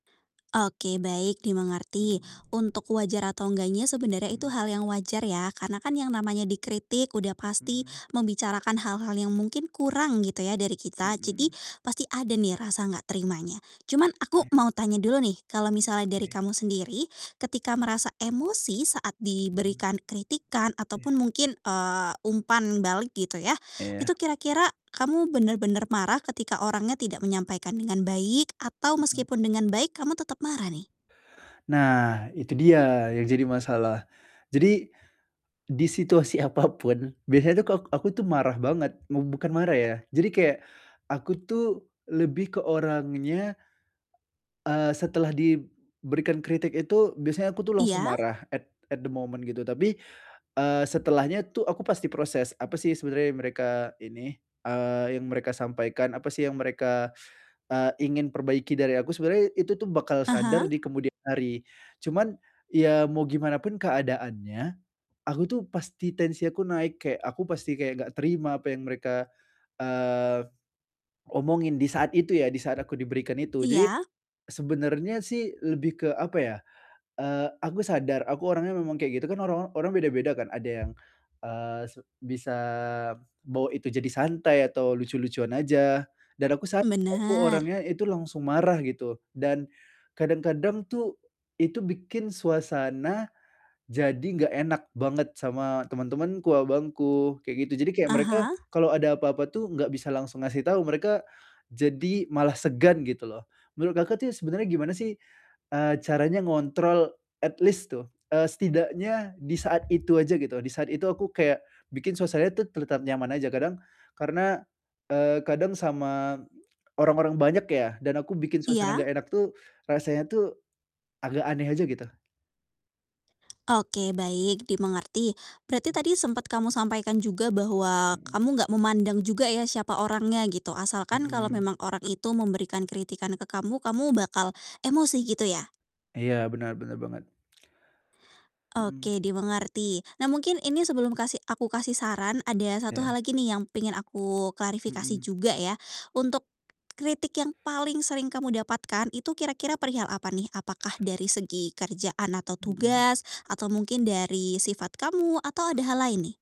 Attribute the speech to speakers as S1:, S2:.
S1: Oke, baik, dimengerti.
S2: Hmm.
S1: Untuk wajar atau enggaknya, sebenarnya itu
S2: Mhm.
S1: hal yang wajar, ya, karena, kan, yang namanya dikritik udah pasti
S2: Mhm.
S1: membicarakan hal-hal yang mungkin kurang, gitu, ya, dari kita. Jadi,
S2: Mhm.
S1: pasti ada, nih, rasa enggak terimanya. Cuman, aku
S2: E
S1: mau tanya dulu, nih, kalau misalnya dari
S2: Oke.
S1: kamu sendiri, ketika merasa emosi saat
S2: Mhm.
S1: diberikan kritikan
S2: Iya.
S1: ataupun mungkin, eee, umpan balik, gitu, ya,
S2: Iya.
S1: itu kira-kira kamu benar-benar marah ketika orangnya tidak menyampaikan dengan baik atau
S2: Mhm.
S1: meskipun dengan baik, kamu tetap marah, nih?
S2: Nah, itu dia yang jadi masalah. Jadi, di situasi apapun, biasanya, tuh, kalau aku, tuh, marah banget. Mub bukan marah, ya, jadi kayak aku, tuh, lebih ke orangnya eee, setelah diberikan kritik itu, biasanya aku, tuh, langsung
S1: Iya.
S2: marah at at the moment gitu, tapi, eee, setelahnya, tuh, aku pasti proses, apa, sih, sebenarnya mereka ini, eee, yang mereka sampaikan, apa, sih, yang mereka, eee, ingin perbaiki dari aku? Sebenarnya, itu, tuh, bakal sadar
S1: Aha.
S2: di kemudian hari, cuman, ya, mau gimanapun keadaannya, aku, tuh, pasti tensi aku naik, kayak aku pasti kayak enggak terima apa yang mereka, eee, omongin, di saat itu, ya, di saat aku diberikan itu. Jadi,
S1: Iya.
S2: sebenarnya, sih, lebih ke, apa ya, eee, aku sadar aku orangnya memang kayak gitu, kan, orang or orang beda-beda, kan. Ada yang, eee, se bisa bawa itu jadi santai, atau lucu-lucuan aja. Dan aku sadar, aku
S1: Benar.
S2: orangnya itu langsung marah, gitu. Dan, kadang-kadang, tuh, itu bikin suasana, jadi enggak enak banget sama teman-temanku, abangku, kayak, gitu. Jadi, kayak mereka
S1: Aha.
S2: kalau ada apa-apa, tuh, enggak bisa langsung ngasih tahu, mereka jadi malah segan, gitu, loh. Menurut Kakak, tuh ya, sebenarnya gimana, sih, eee, caranya ngontrol at least tuh, eee, setidaknya di saat itu aja gitu, di saat itu aku kayak bikin suasana, tuh, tetap nyaman aja, kadang karena, eee, kadang sama orang-orang banyak ya, dan aku bikin suasana
S1: Iya.
S2: enggak enak, tuh. Rasanya, tuh, agak aneh aja, gitu.
S1: Oke, baik, dimengerti. Berarti,
S2: M
S1: tadi sempat kamu sampaikan juga bahwa
S2: Hmm.
S1: kamu enggak memandang juga, ya, siapa orangnya, gitu, asalkan kalau
S2: Hmm.
S1: memang orang itu memberikan kritikan ke kamu, kamu bakal emosi, gitu, ya?
S2: Iya, benar benar banget. Hmm.
S1: Oke, dimengerti. Nah, mungkin ini sebelum kasih aku kasih saran ada 1 hal
S2: Oke.
S1: lagi, nih, yang pengen aku klarifikasi
S2: Mhm.
S1: juga, ya. Untuk kritik yang paling sering kamu dapatkan itu kira-kira perihal apa, nih? Apakah dari segi kerjaan atau
S2: Mhm.
S1: tugas atau mungkin dari sifat kamu atau ada hal lain, nih?